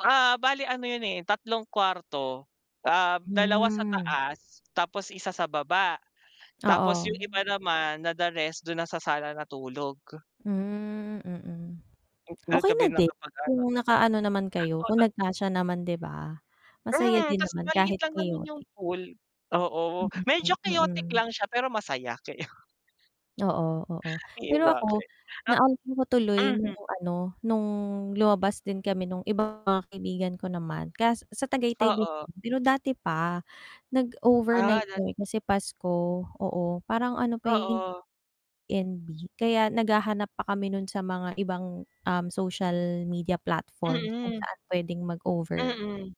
Ah, bale ano yun eh, 3 kwarto. Ah, 2 sa Hmm. taas tapos 1 sa baba. Tapos Oo. yung iba naman, na the rest dun na sana natulog. Hmm, mm. Dun Okey kami na din, nakapag ano kung naka-ano naman kayo kung [unintelligible] nag-kasya naman di ba? Masaya Hmm, din ta's naman maliit kahit lang naman yung chaotic. pool, oo, Hmm, medyo chaotic mm. lang siya pero masaya. Chao Oo, oo. Eh, Pero ako, bakit, ah naalalaa ko tuloy nung mhm. ano, nung lumabas din kami nung iba mga kaibigan ko naman kas sa Tagaytay din. Oo. Pero dati pa, Ah, nag-overnight nat kami kasi Pasko oo parang ano pa yung Oo. NB kaya nag-hahanap pa kami nun sa mga ibang um, social media platforms kung Mm. saan pwedeng mag-over. Mm.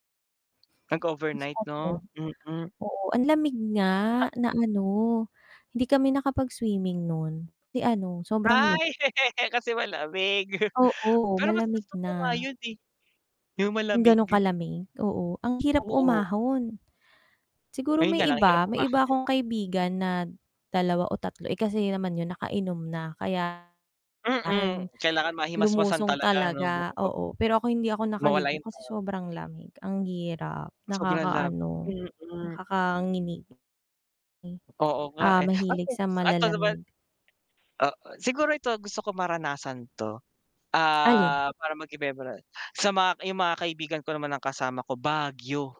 Tapos Nag-overnight ano 'no? Mm. oo ang lamig nga na ano, hindi kami nakapag-swimming nun, kasi ano sobrang lamig. Ay! kasi malamig, Oo, pero mas malamig gusto ko na. nga yun, eh. Yung Kung ganun malamig. kalamig oo, ang hirap Oo. umahon. Siguro Ayun may nga lang ang hirap iba, may umahon. iba akong kaibigan na, 2 o 3 eh, kasi naman yung naka-inom na kaya, ayun Mm, kailangan mahimasmasan lumusong talaga 'no, talaga, bago mag oo pero ako hindi ako mawala naka-ligo yung ta kasi sobrang lamig. Ang hirap, Sobra lab nakaka-ano, mm. nakaka-nginig. Hmm. Oo nga, Ah, eh. Ay, mahilig sa focus eto naman malalamig. ah, siguro ito gusto ko maranasan to. Alin? Ah, para mag-iba-iba nama sa ma yung mga kaibigan ko naman ng kasama ko, Baguio.